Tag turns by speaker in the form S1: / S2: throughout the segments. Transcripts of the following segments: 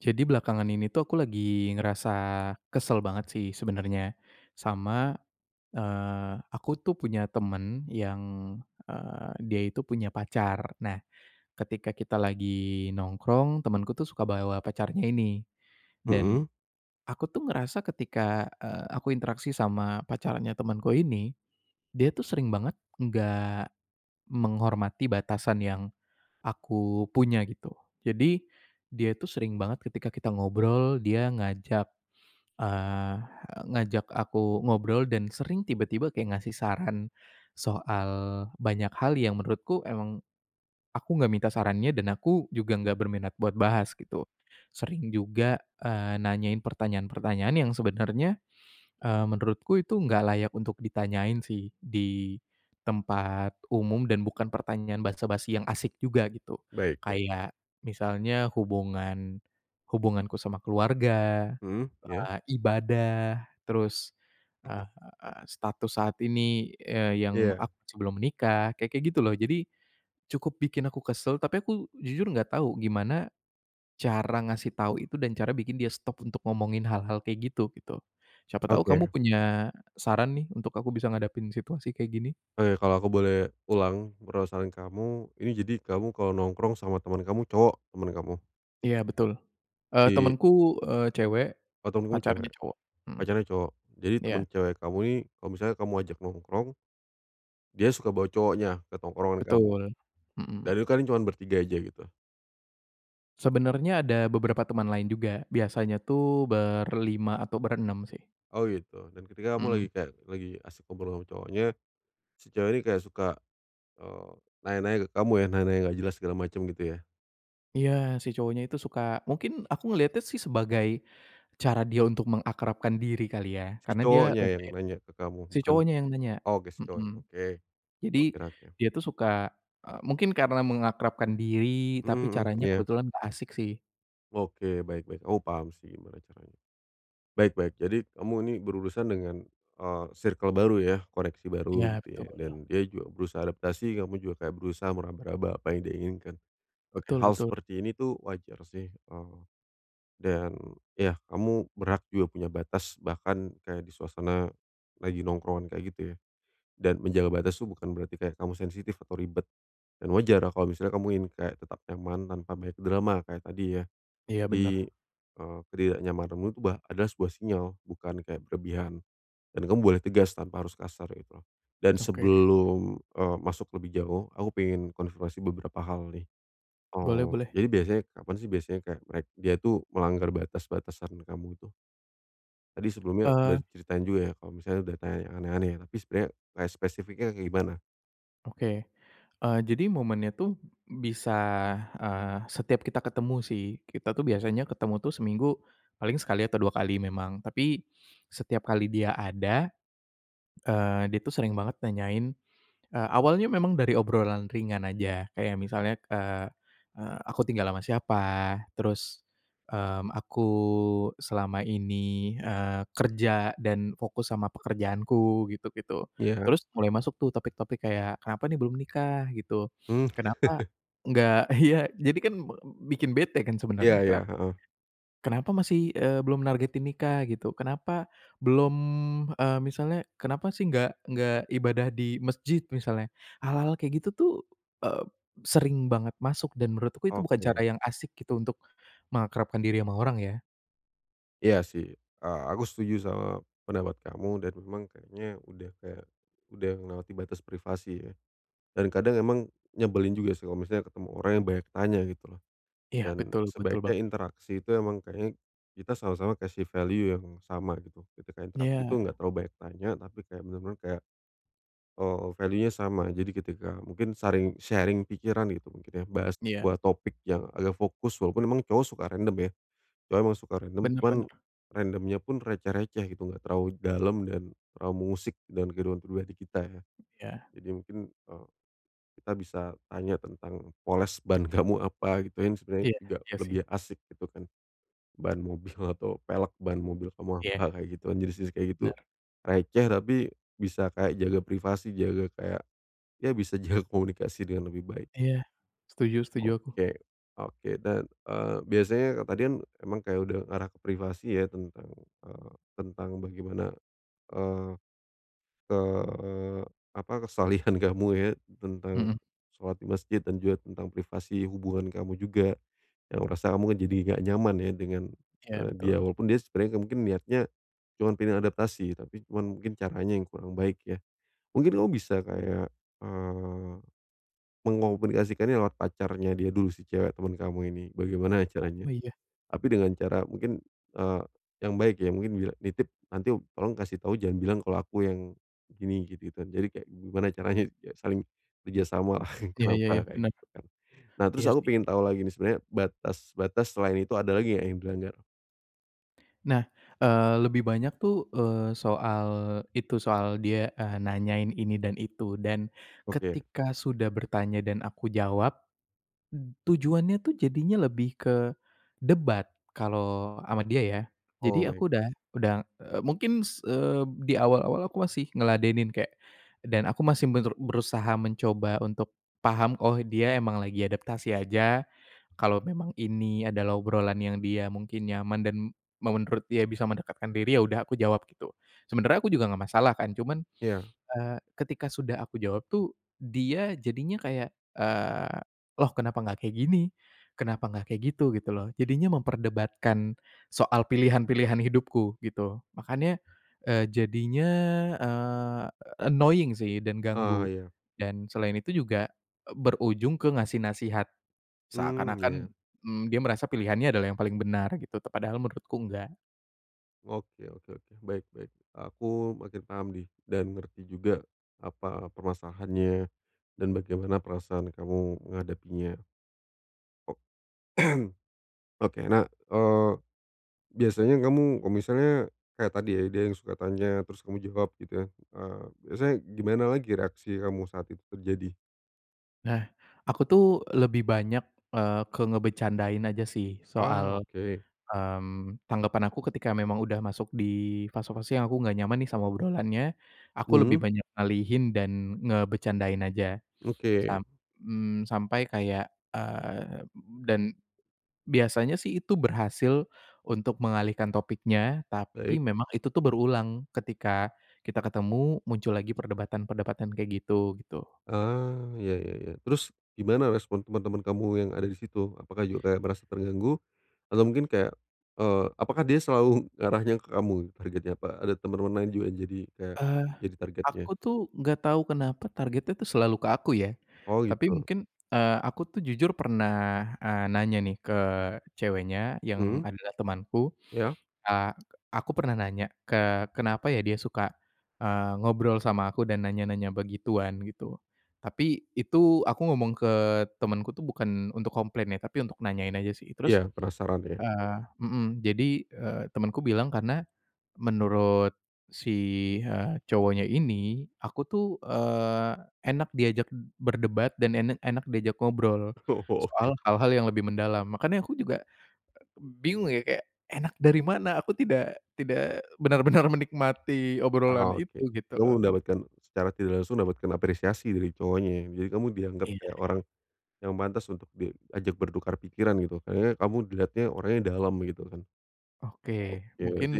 S1: Jadi belakangan ini tuh aku lagi ngerasa kesel banget sih, sebenernya, sama, eee, aku tuh punya temen yang, eee, dia itu punya pacar. Nah, ketika kita lagi nongkrong, temanku tuh suka bawa pacarnya ini. Dan,
S2: Mhm.
S1: aku tuh ngerasa ketika, e aku interaksi sama pacarnya temanku ini, dia tuh sering banget enggak menghormati batasan yang aku punya, gitu. Jadi, dia itu sering banget ketika kita ngobrol, dia ngajak, eee, ngajak aku ngobrol dan sering tiba-tiba kayak ngasih saran, soal banyak hal yang menurutku emang, aku enggak minta sarannya dan aku juga enggak berminat buat bahas, gitu. Sering juga, eee, nanyain pertanyaan-pertanyaan yang sebenarnya, eee, menurutku itu enggak layak untuk ditanyain sih, di tempat umum dan bukan pertanyaan basa-basi yang asik juga, gitu.
S2: Baik baik.
S1: Kayak, misalnya hubungan hubunganku sama keluarga,
S2: Mhm, iya.
S1: eee, ibadah, terus, eee,
S2: Mhm.
S1: status saat ini, eee, yang
S2: Iya.
S1: aku sebelum menikah, kayak-kayak gitu loh. Jadi, cukup bikin aku kesel, tapi aku, jujur enggak tahu, gimana cara ngasih tahu itu, dan cara bikin dia stop untuk ngomongin hal-hal kayak gitu, gitu. Siapa tahu kamu
S2: Oke.
S1: punya saran nih untuk aku bisa ngadapin situasi kayak gini?
S2: Oke, kalau aku boleh ulang, perasaan kamu. Ini jadi kamu kalau nongkrong sama temen kamu, cowok teman kamu.
S1: Iya betul. Eee,
S2: Di
S1: temenku, eee, cewek,
S2: Oh, temenmu
S1: pacarnya
S2: cewek?
S1: cowok. Hmm,
S2: Pacarnya cowok? Jadi
S1: iya.
S2: temen cewek kamu ini kalau misalnya kamu ajak nongkrong, dia suka bawa cowoknya? Ke tongkrongan kamu.
S1: Betul, mhm.
S2: Dan itu kalian cuman bertiga aja gitu?
S1: Sebenernya ada beberapa teman lain juga, biasanya tuh berlima atau berenem sih.
S2: Oh gitu. Dan ketika kamu lagi
S1: Mmm.
S2: kayak lagi asyik kumpul sama cowoknya, si cewek ini kayak suka, eee, nanya-nanya ke kamu ya, nanya-nanya enggak jelas segala macem gitu ya?
S1: Iya, si cowoknya itu suka. Mungkin aku ngeliatnya sih sebagai cara dia untuk mengakrabkan diri kali ya?
S2: Si
S1: Karena dia
S2: cowoknya yang
S1: nungguin
S2: nanya ke kamu?
S1: si
S2: Bukan
S1: cowoknya yang nanya,
S2: oh, gesco,
S1: mhm.
S2: oke.
S1: Jadi,
S2: Oke- oke.
S1: dia itu suka eee, mungkin karena mengakrabkan diri,
S2: Mhm
S1: tapi
S2: mhm.
S1: caranya
S2: Iya.
S1: kebetulan enggak asik sih.
S2: Oke, baik baik. Oh paham sih gimana caranya. Baik baik. Jadi kamu ini berurusan dengan, eee, circle baru ya? Koneksi baru
S1: Iya,
S2: gitu
S1: betul.
S2: ya? Dan dia juga berusaha adaptasi, kamu juga kayak berusaha meraba-raba apa yang dia inginkan. Oke,
S1: Betul
S2: hal
S1: betul.
S2: seperti ini itu wajar sih, eee, dan yah, kamu berhak juga punya batas, bahkan kayak di suasana lagi nongkrongan kayak gitu ya. Dan menjaga batas itu bukan berarti kayak kamu sensitif atau ribet. Dan wajar ya kalau misalnya kamu ingin kayak tetap nyaman tanpa banyak drama, kayak tadi ya?
S1: Iya,
S2: Jadi,
S1: bener.
S2: eee, ketidaknyamananmu itu bah adalah sebuah sinyal, bukan kayak berlebihan. Dan kamu boleh tegas tanpa harus kasar, kayak gitu. Dan
S1: Oke.
S2: sebelum, eee, masuk lebih jauh, aku pengen konfirmasi beberapa hal nih.
S1: Boleh
S2: Eee,
S1: boleh.
S2: jadi biasanya kapan sih biasanya kayak merek dia itu melanggar batas-batasan kamu itu? Tadi sebelumnya udah
S1: Eee.
S2: diceritain juga ya kalau misalnya udah tanya yang aneh-aneh ya, tapi sebenarnya kayak spesifiknya kayak gimana?
S1: Oke, eee, jadi momennya itu b bisa, eee, setiap kita ketemu sih. Kita tuh biasanya ketemu tuh seminggu paling sekali atau 2 kali memang. Tapi setiap kali dia ada, eee, dia tuh sering banget nanyain eee, awalnya memang dari obrolan ringan aja. Kayak misalnya, eee eee, aku tinggal sama siapa, terus, mmm, aku selama ini, eee, kerja dan fokus sama pekerjaanku gitu-gitu.
S2: Iya.
S1: Terus mulai masuk tuh topik-topik kayak kenapa nih belum nikah gitu.
S2: Mhm.
S1: Kenapa enggak ya, jadi kan me bikin bete kan
S2: Iya
S1: sebenarnya,
S2: iya,
S1: kenap
S2: heeh.
S1: kenapa masih, eee, belum nargetin nikah gitu. Kenapa belum, eee, misalnya kenapa sih enggak enggak ibadah di masjid, misalnya hal-hal kayak gitu tuh, eee, sering banget masuk, dan menurutku itu bukan
S2: Oke.
S1: cara yang asyik gitu untuk mengakrabkan diri sama orang, ya.
S2: Iya sih, eee, aku setuju sama pendapat kamu, dan memang kayaknya udah kayak, udah melewati batas privasi, ya. Dan kadang emang nyebelin juga sih kalau misalnya ketemu orang yang banyak tanya gitu loh.
S1: Iya
S2: Dan
S1: betul, betul,
S2: sebaiknya
S1: Bang.
S2: interaksi itu emang kayaknya kita sama-sama kasih value yang sama gitu. Ketika interaksi itu,
S1: Iya.
S2: enggak terlalu banyak tanya, tapi kayak benar-benar kayak, eee, value-nya sama. Jadi ketika mungkin saring sharing pikiran gitu, mungkin ya, bahas
S1: Iya.
S2: sebuah topik yang agak fokus. Walaupun emang cowok suka random, ya, cowok emang suka random,
S1: Benar
S2: cuman
S1: benar.
S2: random pun receh-receh gitu, enggak terlalu dalam dan terlalu mengusik dalam kehidupan pribadi kita, ya.
S1: Iya.
S2: Jadi mungkin, eee, kita bisa tanya tentang poles ban kamu apa, yang sebenarnya
S1: Iya,
S2: juga
S1: iya sih.
S2: lebih asik gitu kan, ban mobil atau pelek mobil kamu
S1: Iya.
S2: apa, kayak gitu. Jenis jenis kayak gitu,
S1: Benar.
S2: receh, tapi bisa kayak jaga privasi, jaga kayak, ya, bisa jaga komunikasi dengan lebih baik,
S1: Iya, setuju
S2: gitu.
S1: setuju aku.
S2: Oke, oke, dan, eee, biasanya ka tadi kan emang kayak udah ngarah ke privasi ya, tentang, eee, tentang bagaimana, eee eee, apa kesalihan kamu ya, tentang
S1: Mhm.
S2: sholat di masjid, dan juga tentang privasi hubungan kamu, juga. Yang merasa kamu kan jadi enggak nyaman ya dengan,
S1: Iya
S2: eee, dia.
S1: betul.
S2: Walaupun dia sebenarnya mungkin niatnya cuma pengen adaptasi, tapi cuman mungkin caranya yang kurang baik ya. Mungkin kamu bisa kayak, eee, mengkomunikasikan lewat pacarnya dia dulu, si cewek temen kamu ini, bagaimana caranya?
S1: Oh iya.
S2: Tapi dengan cara mungkin, eee, yang baik ya, mungkin nitip nanti "Tolong kasih tahu, jangan bilang kalau aku yang begini," gitu gitu kan. Jadi kayak gimana caranya saling kerja sama lah,
S1: Iya. Iya,
S2: kenapa
S1: iya,
S2: kayak
S1: benar.
S2: gitu kan. Nah, terus
S1: Iya
S2: aku
S1: sih.
S2: pengen tahu lagi nih, sebenarnya batas-batas selain itu ada lagi enggak yang dilanggar?
S1: Nah, eee lebih banyak tuh, eee, soal itu, soal dia, eee, nanyain ini dan itu. Dan,
S2: Oke.
S1: ketika sudah bertanya dan aku jawab, b tujuannya tuh jadinya lebih ke debat. Kalau sama dia ya. Jadi
S2: Oh, baik
S1: aku
S2: baik.
S1: udah udah, eee, mungkin s eee, di awal-awal aku masih ngeladenin kayak dan aku masih meru berusaha mencoba untuk paham, "Oh, dia emang lagi adaptasi aja. Kalau memang ini adalah obrolan yang dia mungkin nyaman dan me menurut dia bisa mendekatkan diri, ya udah aku jawab," gitu. Sebenernya aku juga enggak masalah kan. Cuman,
S2: Iya.
S1: eee, ketika sudah aku jawab tuh, dia jadinya kayak, eee, "Loh, kenapa enggak kayak gini? Kenapa enggak kayak gitu?" Gitu loh. Jadinya memperdebatkan soal pilihan-pilihan hidupku gitu. Makanya, eee, jadinya, eee, annoying sih dan
S2: Oh,
S1: ganggu.
S2: iya.
S1: Dan selain itu juga, e berujung ke ngasih nasihat.
S2: Mmm,
S1: Seakan-akan,
S2: iya.
S1: mmm, dia merasa pilihannya adalah yang paling benar gitu. Te padahal menurutku enggak.
S2: Oke oke oke. Baik baik. Aku makin paham nih, dan ngerti juga, apa permasalahannya, dan bagaimana perasaan kamu menghadapinya. O oke, nah, eee, biasanya kamu, kalau misalnya kayak tadi ya, dia yang suka tanya, terus kamu jawab gitu ya, eee, biasanya gimana lagi reaksi kamu saat itu terjadi?
S1: Nah, aku tuh lebih banyak, eee, ke ngebecandain aja sih
S2: Ah,
S1: soal
S2: oke.
S1: mmm, tanggapan aku ketika memang udah masuk di fase-fase yang aku enggak nyaman nih sama obrolannya, aku lebih
S2: Mhm.
S1: banyak ngalihin dan ngebecandain aja.
S2: Oke.
S1: Samp mmm, sampai kayak eee, dan biasanya sih itu berhasil untuk mengalihkan topiknya, tapi
S2: Baik.
S1: memang itu tuh berulang. Ketika kita ketemu, muncul lagi perdebatan-perdebatan kayak gitu, gitu.
S2: Ah, ya ya ya. Terus, gimana respon temen-temen kamu yang ada di situ? Apakah juga kayak merasa terganggu? Atau mungkin kayak eee, apakah dia selalu ngarahnya ke kamu, targetnya? Apa ada temen-temen lain juga yang jadi kayak,
S1: Eee,
S2: jadi targetnya?
S1: aku tuh enggak tahu kenapa, targetnya tuh selalu ke aku, ya.
S2: Oh,
S1: Tapi,
S2: gitu.
S1: mungkin, eee, aku tuh jujur pernah, eee, nanya nih ke ceweknya, yang
S2: Mhm.
S1: adalah temanku,
S2: Ya.
S1: eee, aku pernah nanya, "Ke kenapa ya dia suka, eee, ngobrol sama aku dan nanya-nanya begituan?" Gitu. Tapi, itu aku ngomong ke temanku tuh bukan untuk komplain ya, tapi untuk nanyain aja sih. Terus
S2: Iya. Penasaran, ya?
S1: eee, mhm, jadi, eee, temanku bilang karena, menurut si, eee, cowoknya ini, aku tuh, eee, enak diajak berdebat dan en enak diajak ngobrol,
S2: Oh, oke.
S1: soal hal-hal yang lebih mendalam. Makanya aku juga bingung ya, kayak, "Enak dari mana? Aku tidak tidak benar-benar menikmati obrolan
S2: Ah, oke.
S1: itu," gitu
S2: Kamu
S1: loh.
S2: mendapatkan secara tidak langsung mendapatkan apresiasi dari cowoknya, ya? Jadi kamu dianggap kayak
S1: Iya.
S2: orang yang pantas untuk diajak bertukar pikiran, gitu. Kayaknya kamu dilihatnya orangnya dalam, gitu kan.
S1: Oke.
S2: Oke,
S1: Mungkin
S2: berarti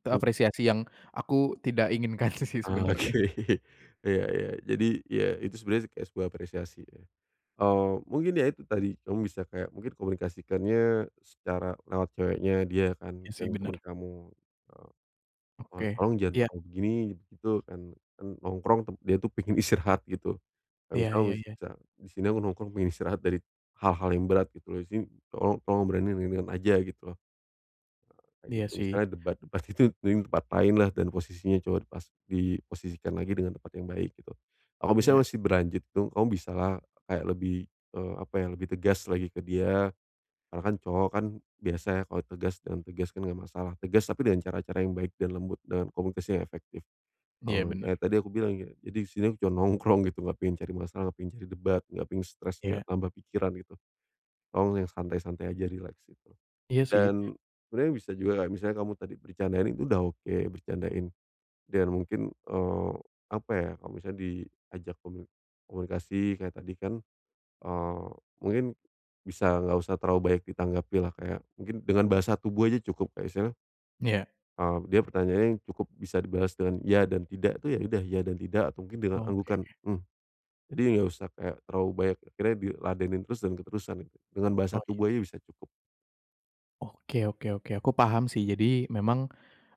S1: itu apresiasi yang aku tidak inginkan sih sebenarnya.
S2: Oke. Iya iya. Jadi, ya, itu sebenarnya kayak sebuah apresiasi, ya. Oh, mungkin ya itu tadi, kamu bisa kayak mungkin komunikasikannya secara lewat ceweknya dia kan,
S1: Iya, sih,
S2: yang temen
S1: bener.
S2: kamu, eee, "Eee,
S1: Oke.
S2: tolong jangan
S1: Iya.
S2: terlalu begini, begitu. Kan kan nongkrong, tem dia itu pengen istirahat." Gitu. Kayak
S1: Iya
S2: misal
S1: iya iya.
S2: bisa, "Di sini aku nongkrong pengen istirahat dari hal-hal yang berat, gitu loh. Jadi, tolong tolong obrolannya yang ringan-ringan aja." Gitu. Eee, kayak
S1: Iya,
S2: gitu.
S1: sih.
S2: Misalnya, debat-debat gitu, mending di tempat lainlah, dan posisinya cowok pas diposisikan lagi dengan tempat yang baik, gitu. Kalau misalnya
S1: Iya.
S2: masih berlanjut itu, kamu bisalah kayak lebih eee, apa ya? Lebih tegas lagi ke dia, karena kan cowok kan biasa ya, kalau tegas dengan tegas kan enggak masalah. Tegas tapi dengan cara-cara yang baik dan lembut, dengan komunikasi yang efektif.
S1: Iya,
S2: Eee,
S1: bener.
S2: kayak tadi yang aku bilang gini, "Jadi di sini aku cuma nongkrong gitu, enggak pengen cari masalah, enggak pengen cari debat, enggak pengen stres, enggak
S1: Iya.
S2: tambah pikiran." Gitu. "Tolong yang santai-santai aja, rileks." Gitu.
S1: Iya, sih.
S2: Dan, sebenernya bisa juga kayak misalnya kamu tadi bercandain itu udah oke, bercandain, dan mungkin, eee, apa ya, kalau misalnya diajak komuni komunikasi kayak tadi kan, eee, mungkin bisa enggak usah terlalu banyak ditanggapilah, kayak mungkin dengan bahasa tubuh aja cukup, kayak misalnya
S1: Iya.
S2: eee, dia pertanyaannya yang cukup bisa dibalas dengan "ya dan tidak," itu ya udah, "ya dan tidak," atau mungkin dengan
S1: Oke.
S2: anggukan, "mmm." Jadi, enggak usah kayak terlalu banyak akhirnya diladenin terus, dan keterusan, gitu. Dengan bahasa
S1: Oh, iya,
S2: tubuh aja
S1: sih.
S2: bisa cukup.
S1: Oke oke oke, aku paham sih. Jadi memang,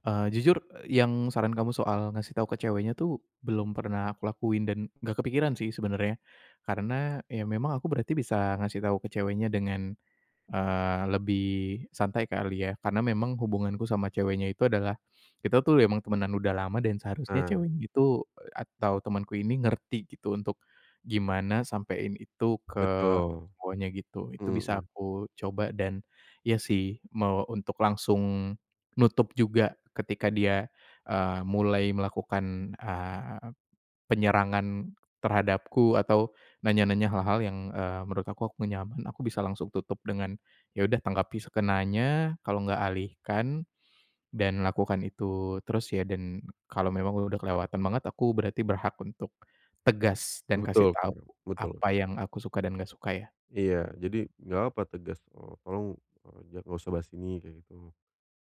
S1: eee, jujur yang saran kamu soal ngasih tau ke ceweknya tuh, belum pernah aku lakuin dan enggak kepikiran sih, sebenarnya. Karena, ya memang aku berarti bisa ngasih tahu ke ceweknya dengan, eee, lebih santai kali ya. Karena memang hubunganku sama ceweknya itu adalah, kita tuh emang temanan udah lama dan seharusnya
S2: Ah.
S1: ceweknya itu, atau temanku ini, ngerti gitu, untuk gimana sampein itu ke
S2: Betul.
S1: cowoknya, gitu. Itu bisa
S2: Mhm.
S1: aku coba dan iya sih, mau untuk langsung nutup juga ketika dia, eee, mulai melakukan, eee, penyerangan terhadapku atau nanya-nanya hal-hal yang, eee, menurut aku aku enggak nyaman, aku bisa langsung tutup dengan ya udah tanggapi sekenanya, kalau enggak alihkan, dan lakukan itu terus ya, dan kalau memang udah kelewatan banget, aku berarti berhak untuk tegas dan kasih
S2: Betul
S1: tau
S2: betul betul.
S1: apa yang aku suka dan enggak suka, ya.
S2: Iya. Jadi, enggak apa tegas, eee, "Tolong, eee, enggak usah bahas ini," gitu.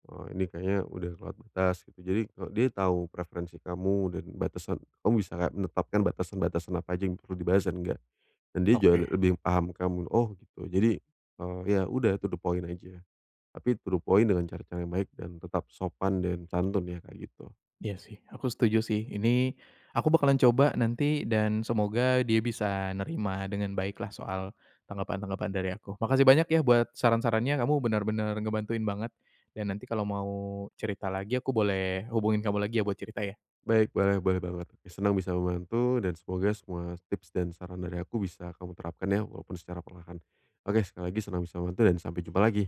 S2: Eee, "Ini kayaknya udah kelewat batas," gitu. Jadi, dia tahu preferensi kamu dan batasan kamu bisa enggak menetapkan batasan-batasan apa aja, yang perlu dibahas dan enggak. Dan dia
S1: Oke.
S2: juga lebih paham kamu. "Oh gitu." Jadi, eee, ya udah to the point aja, tapi to the point dengan cara-cara yang baik dan tetap sopan dan santun ya, kayak gitu.
S1: Iya sih, aku setuju sih. Ini, aku bakalan coba nanti dan semoga dia bisa, nerima dengan baiklah soal tanggapan-tanggapan dari aku. Makasih banyak ya buat, saran-sarannya! Kamu benar-benar ngebantuin banget, dan nanti kalau mau cerita lagi, aku boleh hubungin kamu lagi ya, buat cerita ya?
S2: Baik, boleh boleh banget. Senang bisa membantu dan semoga semua tips dan saran dari aku bisa kamu terapkan ya, walaupun secara perlahan. Oke, sekali lagi senang bisa membantu dan sampai jumpa lagi!